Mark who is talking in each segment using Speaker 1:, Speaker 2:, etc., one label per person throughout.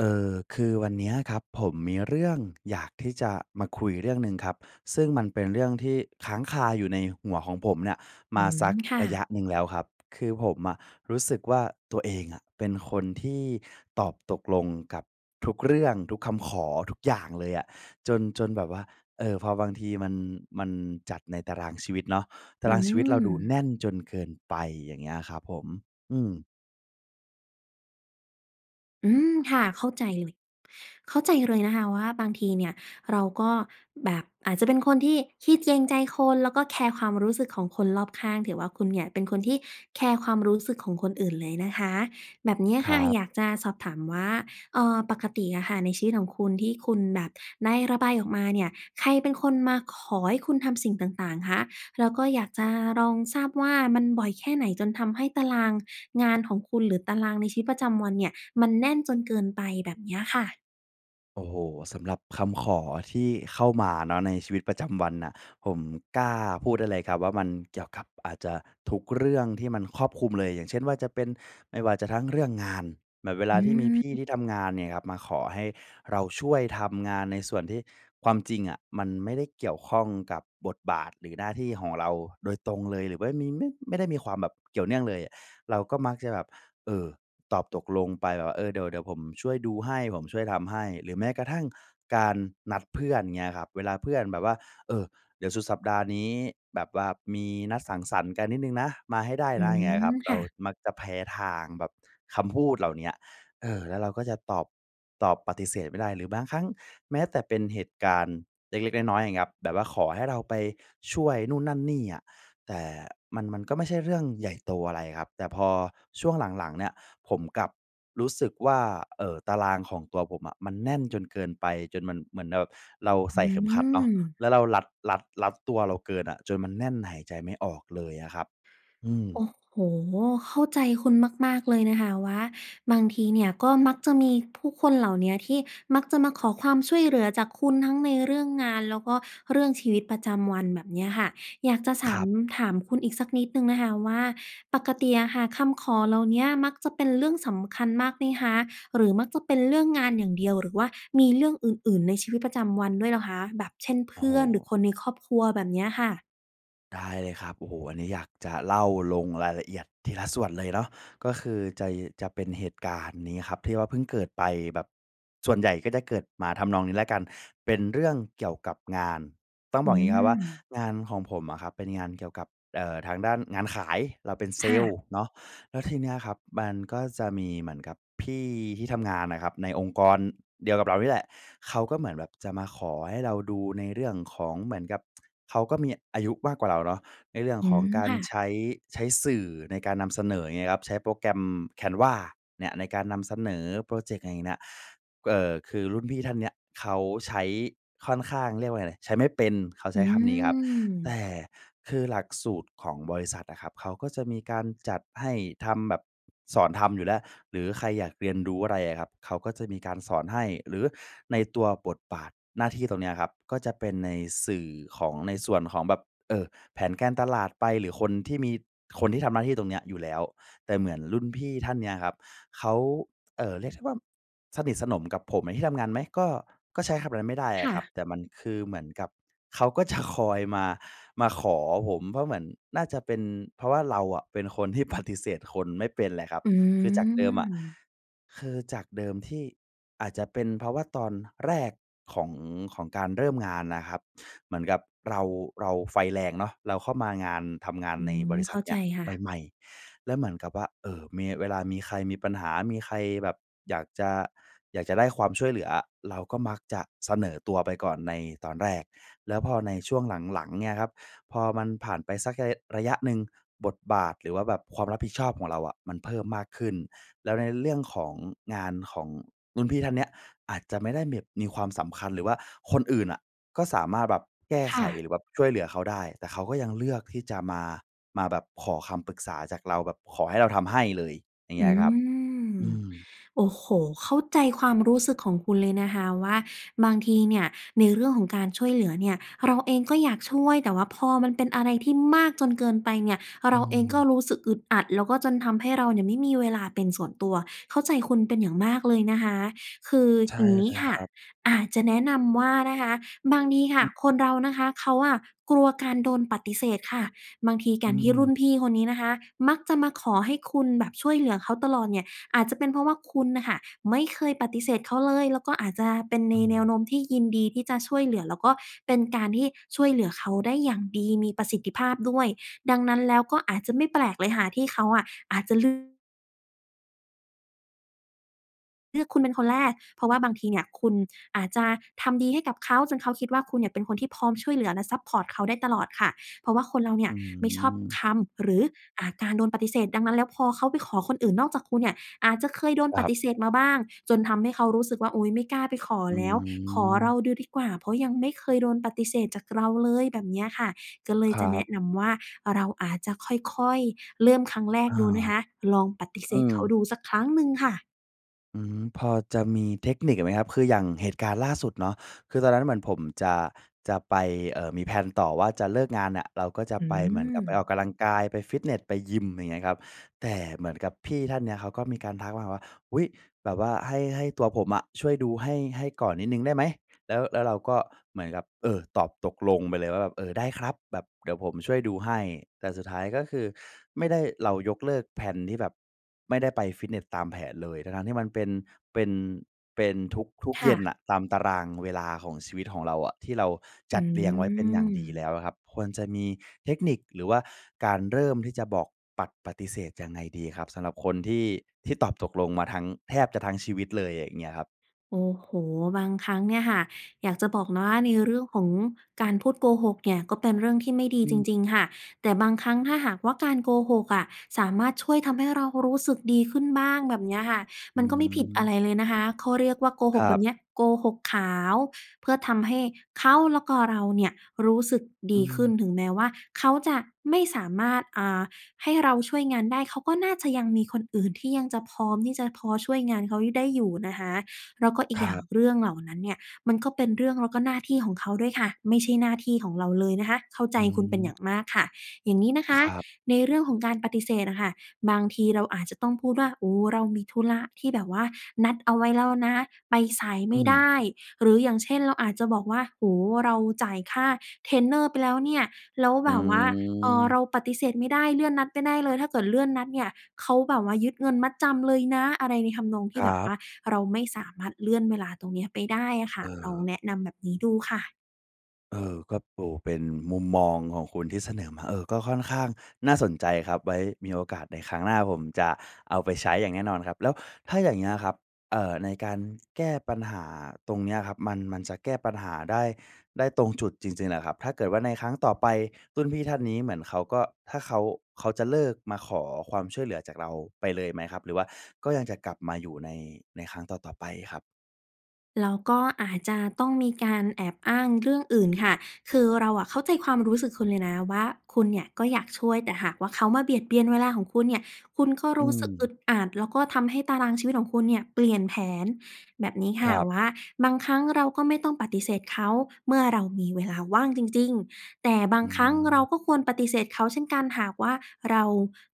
Speaker 1: เออ คือวันเนี้ยครับ ผมมีเรื่องอยากที่จะมาคุยเรื่องหนึ่งครับ ซึ่งมันเป็นเรื่องที่ค้างคาอยู่ในหัวของผมเนี่ย
Speaker 2: อ
Speaker 1: ม
Speaker 2: ื
Speaker 1: า
Speaker 2: ม
Speaker 1: สัก
Speaker 2: ค่
Speaker 1: ระ
Speaker 2: ะ
Speaker 1: ยะหนึ่งแล้วครับ คือผมอะรู้สึกว่าตัวเองอะเป็นคนที่ตอบตกลงกับทุกเรื่อง ทุกคำขอ ทุกอย่างเลยอะ จน จนแบบว่า เออ พอบางทีมัน มันจัดในตารางชีวิตเนาะ ต
Speaker 2: อ
Speaker 1: า
Speaker 2: ื
Speaker 1: รางชีวิตเราดูแ
Speaker 2: ม
Speaker 1: น่นจนเกินไป อย่างเงี้ยครับผม อืม
Speaker 2: อืม ค่ะ เข้าใจเลย เข้าใจเลยนะคะว่าบางทีเนี่ยเราก็แบบอาจจะเป็นคนที่ขี้เกรง ใจคน แล้วก็แคร์ความรู้สึกของคนรอบข้าง ถือว่าคุณเนี่ยเป็นคนที่แคร์ความรู้สึกของคนอื่นเลยนะคะ แบบเนี้ย
Speaker 1: ค
Speaker 2: ค
Speaker 1: ร
Speaker 2: ่ะ
Speaker 1: ับ
Speaker 2: อยากจะสอบถามว่า เอ่อ ปกติอะค่ะในชีวิตของคุณที่คุณแบบได้ระบายออกมาเนี่ย ใครเป็นคนมาขอให้คุณทำสิ่งต่าง ๆ คะ แล้วก็อยากจะลองทราบว่ามันบ่อยแค่ไหนจนทำให้ตารางงานของคุณ หรือตารางในชีวิตประจำวันเนี่ยมันแน่นจนเกินไป แบบเนี้ยค่ะ?
Speaker 1: โอ้โฮ สำหรับคำขอที่เข้ามาเนาะในชีวิตประจำวันน่ะ ผมกล้าพูดได้เลยครับว่า มันเกี่ยวกับอาจจะทุกเรื่องที่มันครอบคลุมเลย อย่างเช่นว่า จะเป็นไม่ว่าจะทั้งเรื่องงาน แบบเวล
Speaker 2: อ
Speaker 1: าที่มีพี่
Speaker 2: ืม
Speaker 1: ที่ทำงานเนี่ยครับ มาขอให้เราช่วยทำงานในส่วนที่ความจริงอะ มันไม่ได้เกี่ยวข้องกับบทบาทหรือหน้าที่ของเราโดยตรงเลย หรือว่ามี มึ ไม่ได้มีความแบบเกี่ยวเนื่องเลยอะ เราก็มักจะแบบ เอ่อ ตอบตกลงไปแบบว่า "เออ เดี๋ยว เดี๋ยวผมช่วยดูให้ ผมช่วยทำให้" หรือแม้กระทั่งการนัดเพื่อน เงี้ยครับ เวลาเพื่อนแบบว่า เอ่อ เดี๋ยวสุดสัปดาห์นี้แบบว่ามีนัดสังสรรค์กันนิดหนึ่งนะ มาให้ได้
Speaker 2: อื
Speaker 1: นะ อย่างเงี้ย
Speaker 2: ม
Speaker 1: ครับ เร
Speaker 2: ค่
Speaker 1: า
Speaker 2: ะ
Speaker 1: มักจะแพ้ทางแบบคำพูดเหล่าเนี้ย เอ่อ แล้วเราก็จะตอบ ตอบปฏิเสธไม่ได้ หรือบางครั้งแม้แต่เป็นเหตุการณ์เล็ก ๆ น้อย ๆ อย่างเงี้ยครับ แบบว่าขอให้เราไปช่วยนู่นนั่นนี่อะ แต่มัน มันก็ไม่ใช่เรื่องใหญ่โตอะไรครับ แต่พอช่วงหลัง ๆ เนี่ย ผมกลับรู้สึกว่า เอ่อ ตารางของตัวผมอะมันแน่นจนเกินไป จนมันเหมือนแบบเราใ
Speaker 2: อ
Speaker 1: ส
Speaker 2: ื
Speaker 1: ่เข็มขัดเนาะ
Speaker 2: ม
Speaker 1: แล้วเรารัด รัด รัดตัวเราเกินอะ จนมันแน่น หายใจไม่ออกเลยอะครับ อืม
Speaker 2: โอ้โฮ! เข้าใจคุณมาก ๆ เลยนะคะว่าบางทีเนี่ย ก็มักจะมีผู้คนเหล่าเนี้ย ที่มักจะมาขอความช่วยเหลือจากคุณทั้งในเรื่องงาน แล้วก็เรื่องชีวิตประจำวันแบบเนี้ยค่ะ อยากจะส
Speaker 1: ค
Speaker 2: า
Speaker 1: ร
Speaker 2: ม
Speaker 1: ับ
Speaker 2: ถามคุณอีกสักนิดหนึ่งนะคะว่า ปกติอะค่ะ คำขอเหล่าเนี้ยมักจะเป็นเรื่องสำคัญมากไหมคะ? หรือมักจะเป็นเรื่องงานอย่างเดียว? หรือว่ามีเรื่องอื่น ๆ ในชีวิตประจำวันด้วยเหรอคะ แบบเช่น เพ
Speaker 1: โอ้
Speaker 2: ื
Speaker 1: โฮ
Speaker 2: ่อนหรือคนในครอบครัวแบบเนี้ยค่ะ?
Speaker 1: ได้เลยครับ โอ้โฮ! อันนี้อยากจะเล่าลงรายละเอียดทีละส่วนเลยเนาะ ก็คือ จะ จะเป็นเหตุการณ์นี้ครับที่ว่าเพิ่งเกิดไปแบบ ส่วนใหญ่ก็จะเกิดมาทำนองนี้แล้วกันเป็นเรื่องเกี่ยวกับงาน ต้อง
Speaker 2: อื
Speaker 1: บอกอย่างนี้ครับว่า
Speaker 2: ม
Speaker 1: งานของผมอะครับเป็นงานเกี่ยวกับ เอ่อ ทางด้านงานขาย เราเป็นเซ
Speaker 2: ค่
Speaker 1: ลล
Speaker 2: ะ
Speaker 1: ์เนาะ แล้วทีเนี้ยครับมันก็จะมีเหมือนกับ พี่ ที่ทำงานอะครับในองค์กร เดียวกับเรานี่แหละ เขาก็เหมือนแบบจะมาขอให้เราดูในเรื่องของเหมือนกับ เขาก็มีอายุมากกว่าเราเนาะ ในเรื่อง
Speaker 2: อื
Speaker 1: ของ
Speaker 2: ม
Speaker 1: การ
Speaker 2: ค่
Speaker 1: ใช
Speaker 2: ะ
Speaker 1: ้ ใช้สื่อในการนำเสนออย่างเงี้ยครับ ใช้โปรแกรม Canva เนี่ย ในการนำเสนอพรอเจกต์เหน่ยน่ะ เอ่อ คือรุ่นพี่ท่านเนี้ยเขาใช้ ค่อนข้าง เรียกว่าไร ใช้ไม่เป็น เขาใ
Speaker 2: อ
Speaker 1: ช
Speaker 2: ื
Speaker 1: ้คำนี้ครับ แต
Speaker 2: ม
Speaker 1: ่คือหลักสูตรของบริษัทอะครับ เขาก็จะมีการจัดให้ทำแบบ สอนทำอยู่แล้ว หรือใครอยากเรียนรู้อะไรอะครับ เขาก็จะมีการสอนให้ หรือในตัวบทบาทหน้าที่ตรงเนี้ยครับ ก็จะเป็นในสื่อของ ในส่วนของแบบ เอ่อ แผนการตลาดไป หรือคนที่มี คนที่ทำหน้าที่ตรงเนี้ยอยู่แล้ว แต่เหมือนรุ่นพี่ท่านเนี้ยครับ เขา เอ่อ เรียกได้ว่าสนิทสนมกับผมในที่ทำงานไหม ก็ ก็ใช้คำแบบนั้นไม่ได้
Speaker 2: ค
Speaker 1: อ
Speaker 2: ่
Speaker 1: ะครับ
Speaker 2: ะ
Speaker 1: แต่มันคือเหมือนกับ เขาก็จะคอยมา มาขอผม เพราะเหมือนน่าจะเป็นเพราะว่าเราอะเป็นคนที่ ปฏิเสธ คนไม่เป็นเเหละครับ
Speaker 2: อื
Speaker 1: คือจากเดิมอะ
Speaker 2: ม
Speaker 1: คือจากเดิมที่อาจจะเป็นเพราะว่าตอนแรก ของ ของการเริ่มงานน่ะครับ เหมือนกับ เรา เราไฟแรงเนาะ เราเข้ามางาน ทำงาน
Speaker 2: อื
Speaker 1: ในบ
Speaker 2: ม
Speaker 1: ริษ
Speaker 2: เข
Speaker 1: ั
Speaker 2: ้
Speaker 1: ท
Speaker 2: า
Speaker 1: เน
Speaker 2: ใ
Speaker 1: ี
Speaker 2: จ
Speaker 1: ้ย
Speaker 2: ค่ะ
Speaker 1: ใหม่ ๆ แล้วเหมือนกับว่า เอ่อ มี เวลามีใครมีปัญหา มีใครแบบ อยากจะ อยากจะได้ความช่วยเหลืออะ เราก็มักจะเสนอตัวไปก่อนในตอนแรก แล้วพอในช่วงหลัง ๆ เนี่ยครับ พอมันผ่านไป สักระ ระยะหนึ่ง บทบาท หรือว่าแบบความรับผิดชอบของเราอะมันเพิ่มมากขึ้น แล้วในเรื่องของงานของรุ่นพี่ท่านเนี้ยอาจจะไม่ได้แบบมีความสำคัญ หรือว่าคนอื่นอะก็สามารถแบบแก้
Speaker 2: ค
Speaker 1: ไข
Speaker 2: ่ะ
Speaker 1: หรือแบบช่วยเหลือเขาได้ แต่เขาก็ยังเลือกที่จะ มา มาแบบขอคำปรึกษาจากเราแบบขอให้เราทำให้เลย อย่างเง
Speaker 2: อ
Speaker 1: ี้
Speaker 2: ื
Speaker 1: ยครับ
Speaker 2: ม
Speaker 1: อืม
Speaker 2: โอ้โฮ! เข้าใจความรู้สึกของคุณเลยนะคะว่า บางทีเนี่ยในเรื่องของการช่วยเหลือเนี่ย เราเองก็อยากช่วย แต่ว่าพอมันเป็นอะไรที่มากจนเกินไปเนี่ย
Speaker 1: อ
Speaker 2: เร
Speaker 1: ื
Speaker 2: าเองก็
Speaker 1: ม
Speaker 2: รู้สึกอึดอัด แล้วก็จนทำให้เราเนี่ยไม่มีเวลาเป็นส่วนตัว เข้าใจคุณเป็นอย่างมากเลยนะคะ คือ
Speaker 1: ใช่
Speaker 2: อย่างง
Speaker 1: เ
Speaker 2: ี้
Speaker 1: ลย
Speaker 2: ค
Speaker 1: ค
Speaker 2: ่ะ
Speaker 1: รับ
Speaker 2: อาจจะแนะนำว่านะคะบางทีค
Speaker 1: อ
Speaker 2: ่ะ
Speaker 1: ืม
Speaker 2: คนเรานะคะเขาอะกลัวการโดนปฏิเสธค่ะ บางทีก
Speaker 1: อ
Speaker 2: ารที่รุ
Speaker 1: ืม
Speaker 2: ่นพี่คนนี้นะคะ มักจะมาขอให้คุณแบบช่วยเหลือเขาตลอดเนี่ย อาจจะเป็นเพราะว่าคุณน่ะค่ะ ไม่เคยปฏิเสธเขาเลย แล้วก็อาจจะเป็น
Speaker 1: อ
Speaker 2: ในแนว
Speaker 1: ืม
Speaker 2: โน้มที่ยินดีที่จะช่วยเหลือ แล้วก็เป็นการที่ช่วยเหลือเขาได้อย่างดี มีประสิทธิภาพด้วย ดังนั้นแล้วก็อาจจะไม่แปลกเลยค่ะที่เขาอะอาจจะ ล เลือกคุณเป็นคนแรก เพราะว่าบางทีเนี่ย คุณอาจจะทำดีให้กับเขาจนเขาคิดว่า คุณเนี่ยเป็นคนที่พร้อมช่วยเหลือและซัปพอร์ตเขาได้ตลอดค่ะ เพราะว่าคนเราเนี
Speaker 1: อ
Speaker 2: ่
Speaker 1: ื
Speaker 2: ย ไม่ชอบ
Speaker 1: ม
Speaker 2: คำ หรือ อ่า การโดนปฏิเสธ ดังนั้นแล้วพอเขาไปขอคนอื่นนอกจากคุณเนี่ย อาจจะเคยโดน
Speaker 1: ค
Speaker 2: ป
Speaker 1: รั
Speaker 2: ฏ
Speaker 1: บ
Speaker 2: ิเสธมาบ้าง จนทำให้เขารู้สึกว่า อุ๊ย ไม่กล้าไปขอ
Speaker 1: อื
Speaker 2: แล้ว ขอเรา
Speaker 1: ม
Speaker 2: ดูดีกว่า เพราะยังไม่เคยโดนปฏิเสธจากเราเลย แบบเนี้ยค่ะ ก็เลย
Speaker 1: คร
Speaker 2: จะ
Speaker 1: ั
Speaker 2: แน
Speaker 1: บ
Speaker 2: ะนำว่า เราอาจจะค่อย ๆ เริ่มครั้งแร
Speaker 1: อ
Speaker 2: ก
Speaker 1: า
Speaker 2: ดูนะคะ ลองปฏิเ
Speaker 1: อ
Speaker 2: ส
Speaker 1: ื
Speaker 2: ธ
Speaker 1: ม
Speaker 2: เขาดูสักครั้งหนึ่งค่ะ
Speaker 1: อืม พอจะมีเทคนิคไหมครับ? คืออย่างเหตุการณ์ล่าสุดเนาะ คือตอนนั้นเหมือนผมจะ จะไป เอ่อ มี แพลน ต่อว่าจะเลิกงานน่ะ เราก็จะ
Speaker 2: อื
Speaker 1: ไปเหมือนกับไปออก
Speaker 2: ม
Speaker 1: กำลังกาย ไปฟิตเนส ไปยิม อย่างเงี้ยครับ แต่เหมือนกับพี่ท่านเนี้ยเขาก็มีการทักมาว่า "อุ๊ย แบบว่าให้ ให้ตัวผมอะช่วยดูให้ ให้ก่อนนิดหนึ่งได้ไหม?" แล้ว แล้วเราก็เหมือนกับ เอ่อ ตอบตกลงไปเลยว่าแบบ "เอ่อ ได้ครับแบบ เดี๋ยวผมช่วยดูให้" แต่สุดท้ายก็คือไม่ได้ เรายกเลิก แพลน ที่แบบ ไม่ได้ไปฟิตเนสตามแผนเลย ทั้ง ๆ ที่มันเป็น เป็น เป็นทุก
Speaker 2: ค
Speaker 1: ๆ เย
Speaker 2: ่
Speaker 1: ็น
Speaker 2: ะ
Speaker 1: น่ะ ตามตารางเวลาของชีวิตของเราอะ ที่เราจ
Speaker 2: อื
Speaker 1: ัดเรียงไว้เป็นอย่างดีแล้
Speaker 2: ม
Speaker 1: วอะครับ ควรจะมีเทคนิค หรือว่าการเริ่มที่จะบอก ปัด ปฏิเสธยังไงดีครับ สำหรับคนที่ ที่ตอบตกลงมาทั้ง แทบจะทั้งชีวิตเลย อย่างเงี้ยครับ?
Speaker 2: โอ้โฮ บางครั้งเนี่ยค่ะ อยากจะบอกนะว่าในเรื่องของการพูดโกหกเนี่ย ก็เป็นเรื่องที่ไม่ดี
Speaker 1: อ
Speaker 2: จ
Speaker 1: ืม
Speaker 2: ริง ๆ ค่ะ แต่บางครั้งถ้าหากว่าการโกหกอะ สามารถช่วยทำให้เรารู้สึกดีขึ้นบ้าง แบบเนี้ยค่ะ
Speaker 1: อื
Speaker 2: มันก็ไม่ผิดอะ
Speaker 1: ม
Speaker 2: ไรเลยนะคะ เขาเรียกว่าโกห
Speaker 1: คร
Speaker 2: กแ
Speaker 1: ั
Speaker 2: บบเ
Speaker 1: บ
Speaker 2: นี้ยโกหกขาว เพื่อทำให้เขาแล้วก็เราเนี่ยรู้สึกด
Speaker 1: อื
Speaker 2: ีขึ
Speaker 1: ม
Speaker 2: ้น ถึงแม้ว่าเขาจะไม่สามารถ อ่า ให้เราช่วยงานได้ เขาก็น่าจะยังมีคนอื่นที่ยังจะพร้อมที่จะพอช่วยงานเขา ย ได้อยู่นะคะ แล้วก็อี
Speaker 1: ค
Speaker 2: ก
Speaker 1: ร
Speaker 2: อย
Speaker 1: ั
Speaker 2: ่าง
Speaker 1: บ
Speaker 2: เรื่องเหล่านั้นเนี่ย มันก็เป็นเรื่องแล้วก็หน้าที่ของเขาด้วยค่ะ ไม่ใช่หน้าที่ของเราเลยนะคะ เข้าใจ
Speaker 1: อื
Speaker 2: คุณเป็นอย่
Speaker 1: ม
Speaker 2: างมากค่ะ อย่างนี้นะค
Speaker 1: ค
Speaker 2: ะ
Speaker 1: รับ
Speaker 2: ในเรื่องของการปฏิเสธน่ะค่ะ บางทีเราอาจจะต้องพูดว่า "โอ้ เรามีธุระที่แบบว่านัดเอาไว้แล้วนะ ไปสายไ
Speaker 1: อ
Speaker 2: ม
Speaker 1: ื
Speaker 2: ่ได
Speaker 1: ม
Speaker 2: ้" หรืออย่างเช่น เราอาจจะบอกว่า "โอ้โฮ เราจ่ายค่าเทรนเนอร์ไปแล้วเนี่ย แล้ว
Speaker 1: อื
Speaker 2: แบบว่า เอ่อ เ
Speaker 1: ม
Speaker 2: ราปฏิเสธไม่ได้ เลื่อนนัดไม่ได้เลย ถ้าเกิดเลื่อนนัดเนี่ยเขาแบบว่ายึดเงินมัดจำเลยนะ" อะไรในทำนองท
Speaker 1: ค
Speaker 2: ี่
Speaker 1: ร
Speaker 2: แ
Speaker 1: ั
Speaker 2: บบว
Speaker 1: บ
Speaker 2: ่าเราไม่สามารถเลื่อนเวลาตรงเนี้ยไปได้อะค
Speaker 1: เ
Speaker 2: ่ะ ลอง
Speaker 1: ออ
Speaker 2: แนะนำแบบนี้ดูค่ะ
Speaker 1: เออ ก็ปู เป็นมุมมองของคุณที่เสนอมา เออ ก็ค่อนข้างน่าสนใจครับ ไว้มีโอกาสในครั้งหน้าผมจะเอาไปใช้อย่างแน่นอนครับ แล้วถ้าอย่างเงี้ยครับ เอ่อ ในการแก้ปัญหาตรงเนี้ยครับ มัน มันจะแก้ปัญหาได้ ได้ตรงจุดจริง ๆ เหรอครับ ถ้าเกิดว่าในครั้งต่อไปรุ่นพี่ท่านนี้เหมือนเขาก็ ถ้าเขา เขาจะเลิกมาขอความช่วยเหลือจากเราไปเลยไหมครับ หรือว่าก็ยังจะกลับมาอยู่ใน ในครั้งต่อ ๆ ไปครับ?
Speaker 2: แล้วก็อาจจะต้องมีการแอบอ้างเรื่องอื่นค่ะ คือเราอะเข้าใจความรู้สึกคุณเลยนะว่าคุณเนี่ยก็อยากช่วย แต่หากว่าเขามาเบียดเบียนเวลาของคุณเนี่ย คุณก็
Speaker 1: อ
Speaker 2: ร
Speaker 1: ื
Speaker 2: ู้สึกอ
Speaker 1: ม
Speaker 2: ึดอัด แล้วก็ทำให้ตารางชีวิตของคุณเนี่ยเปลี่ยนแผน แบบนี้ค
Speaker 1: ค
Speaker 2: ่ะ
Speaker 1: รับ
Speaker 2: ว่า บางครั้งเราก็ไม่ต้องปฏิเสธเขาเมื่อเรามีเวลาว่างจริง ๆ แต่บา
Speaker 1: อื
Speaker 2: งครั้งเรา
Speaker 1: ม
Speaker 2: ก็ควรปฏิเสธเขาเช่นกัน หากว่าเรา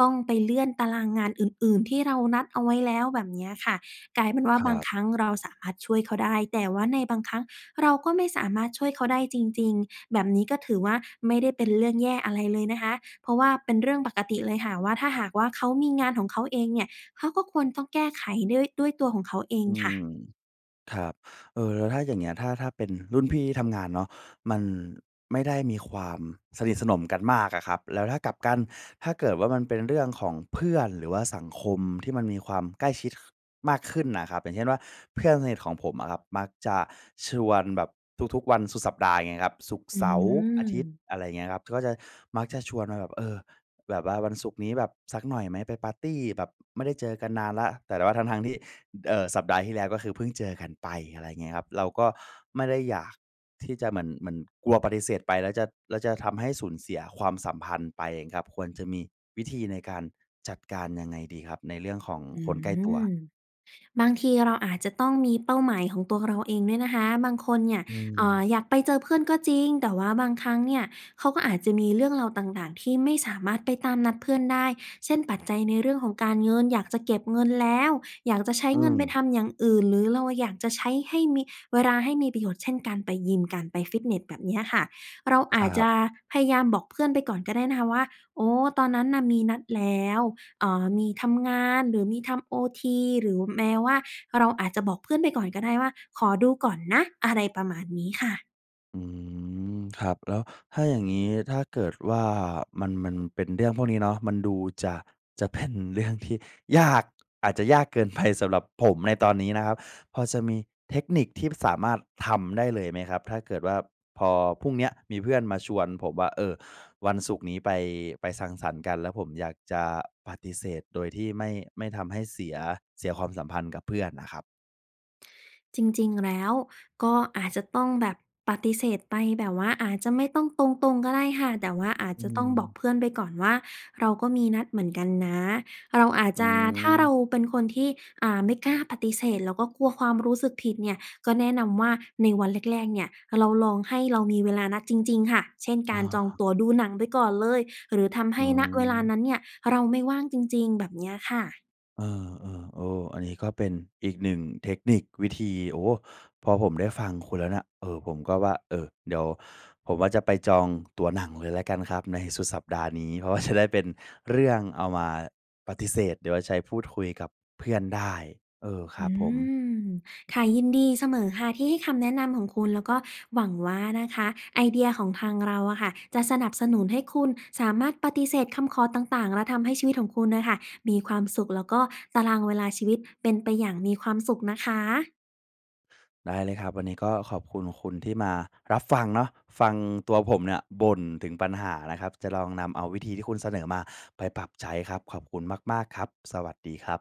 Speaker 2: ต้องไปเลื่อนตารางงานอื่น ๆ ที่เรานัดเอาไว้แล้ว แบบเนี้ยค่ะ กลายเป็นว่
Speaker 1: ค
Speaker 2: า
Speaker 1: ร
Speaker 2: บา
Speaker 1: ั
Speaker 2: ง
Speaker 1: บ
Speaker 2: ครั้งเราสามารถช่วยเขาได้ แต่ว่าในบางครั้งเราก็ไม่สามารถช่วยเขาได้จริง ๆ แบบนี้ก็ถือว่า ไม่ได้เป็นเรื่องแย่อะไรเลยนะคะ เพราะว่าเป็นเรื่องปกติเลยค่ะว่า ถ้าหากว่าเขามีงานของเขาเองเนี่ย เขาก็ควรต้องแก้ไขด้วย ด้วยตัวของเขาเอง
Speaker 1: อื
Speaker 2: ค่ะ
Speaker 1: ม ครับ เอ่อ แล้วถ้าอย่างเงี้ย ถ้า ถ้าเป็นรุ่นพี่ที่ทำงานเนาะ มันไม่ได้มีความสนิทสนมกันมากอะครับ แล้วถ้ากลับกัน ถ้าเกิดว่ามันเป็นเรื่องของเพื่อน หรือว่าสังคมที่มันมีความใกล้ชิด ค มากขึ้นน่ะครับ อย่างเช่นว่า เพื่อนสนิทของผมอะครับ มักจะชวนแบบทุก ๆ วันสุดสัปดาห์ อย่างเงี้ยครับ ศุกร์
Speaker 2: อ
Speaker 1: เสาร์ อาทิตย์
Speaker 2: ืม
Speaker 1: อะไรอย่างเงี้ยครับ ก็จะ มักจะชวนมาแบบ "เออ แบบว่าวันศุกร์นี้แบบสักหน่อยไหม? ไปปาร์ตีแบบ อ ไม่ได้เจอกันนานแล้ว" แต่ว่าทั้ง ๆ ที่ ด เอ่อ สัปดาห์ที่แล้วก็คือเพิ่งเจอกันไป อะไรอย่างเงี้ยครับ เราก็ไม่ได้อยากที่จะเหมือน เหมือนกลัวปฏิเสธไปแล้วจะ แล้วจะทำให้สูญเสียความสัมพันธ์ไปเองครับ ควรจะมีวิธีในการจัดการยังไงดีครับ ในเรื่องของ
Speaker 2: อื
Speaker 1: คนใกล้ตัว?
Speaker 2: ม บางทีเราอาจจะต้องมีเป้าหมายของตัวเราเองด้วยนะคะ บางคนเนี่ย
Speaker 1: อื
Speaker 2: เอ่อ
Speaker 1: ม
Speaker 2: อยากไปเจอเพื่อนก็จริง แต่ว่าบางครั้งเนี่ยเขาก็อาจจะมีเรื่องราวต่าง ๆ ที่ไม่สามารถไปตามนัดเพื่อนได้ เช่น ปัจจัยในเรื่องของการเงิน อยากจะเก็บเงินแล้ว อยากจะใช้
Speaker 1: อื
Speaker 2: เงินไป
Speaker 1: ม
Speaker 2: ทำอย่างอื่น หรือเราอยากจะใช้ให้มี เวลาให้มีประโยชน์ เช่น การไปยิม การไปฟิตเนส แบบเนี้ยค่ะ เราอ
Speaker 1: ค
Speaker 2: า
Speaker 1: ร
Speaker 2: จ
Speaker 1: ั
Speaker 2: จ
Speaker 1: บ
Speaker 2: ะพยายามบอกเพื่อนไปก่อนก็ได้นะคะว่า "โอ้ ตอนนั้นน่ะมีนัดแล้ว เอ่อ มีทำงาน หรือมีทำโอที" หรือแม้ว่าเราอาจจะบอกเพื่อนไปก่อนก็ได้ว่า "ขอดูก่อนนะ" อะไรประมาณนี้ค่ะ
Speaker 1: อืม ครับ แล้วถ้าอย่างนี้ ถ้าเกิดว่ามัน มันเป็นเรื่องพวกนี้เนาะ มันดูจะ จะ เป็น เรื่อง ที่ ยาก อาจจะยากเกิน ไป สำหรับผมในตอนนี้นะครับ พอจะมีเทคนิคที่สามารถทำได้เลยไหมครับ? ถ้าเกิดว่า พอพรุ่งเนี้ยมีเพื่อนมาชวนผมว่า "เออ วันศุกร์นี้ไป ไปสังสรรค์กัน" แล้วผมอยากจะปฏิเสธโดยที่ไม่ ไม่ทำให้เสีย เสียความสัมพันธ์กับเพื่อนอะครับ
Speaker 2: จริง ๆ แล้วก็อาจจะต้องแบบ ปฏิเสธไปแบบว่าอาจจะไม่ต้องตรง ๆ ก็ได้ค่ะ แต่ว่าอาจ
Speaker 1: อื
Speaker 2: จะต้องบอก
Speaker 1: ม
Speaker 2: เพื่อนไปก่อนว่าเราก็มีนัดเหมือนกันนะ เราอาจ
Speaker 1: อื
Speaker 2: จะ ถ้าเรา
Speaker 1: ม
Speaker 2: เป็นคนที่ อ่า ไม่กล้าปฏิเสธแล้วก็กลัวความรู้สึกผิดเนี่ย ก็แนะนำว่าในวันแรก ๆ เนี่ย เราลองให้เรามีเวลานัดจริง ๆ ค่ะ เช่น ก
Speaker 1: อ๋
Speaker 2: า
Speaker 1: อ
Speaker 2: รจองตั๋วดูหนังไปก่อนเลย หรือทำใ
Speaker 1: อ
Speaker 2: ห
Speaker 1: ื
Speaker 2: ้ ณ เวลา
Speaker 1: ม
Speaker 2: นั้นเนี่ยเราไม่ว่างจริง ๆ แบบเนี้ยค่ะ
Speaker 1: เออ ๆ โอ้ อันนี้ก็เป็นอีก 1 เทคนิค วิธี โอ้โฮ พอผมได้ฟังคุณแล้วเนี่ย เออ ผมก็ว่า เออ เดี๋ยวผมว่าจะไปจองตั๋วหนังเลยแล้วกันครับในสุดสัปดาห์นี้ เพราะ ว่า จะได้เป็นเรื่องเอามาปฏิเสธ หรือว่าใช้พูดคุยกับเพื่อนได้ เออ คร
Speaker 2: อ
Speaker 1: ับ
Speaker 2: ื
Speaker 1: ผม
Speaker 2: ม ค่ะ ยินดีเสมอค่ะที่ให้คำแนะนำของคุณ แล้วก็หวังว่านะคะไอเดียของทางเราอะค่ะจะสนับสนุนให้คุณสามารถปฏิเสธคำขอต่าง ๆ และทำให้ชีวิตของคุณน่ะค่ะมีความสุข แล้วก็ตารางเวลาชีวิตเป็นไปอย่างมีความสุขนะคะ
Speaker 1: ได้เลยครับ วันนี้ก็ขอบคุณคุณที่มารับฟังเนาะ ฟังตัวผมเนี่ยบ่นถึงปัญหานะครับ จะลองนำเอาวิธีที่คุณเสนอมาไปปรับใช้ครับ ขอบคุณมาก ๆ ครับ สวัสดีครับ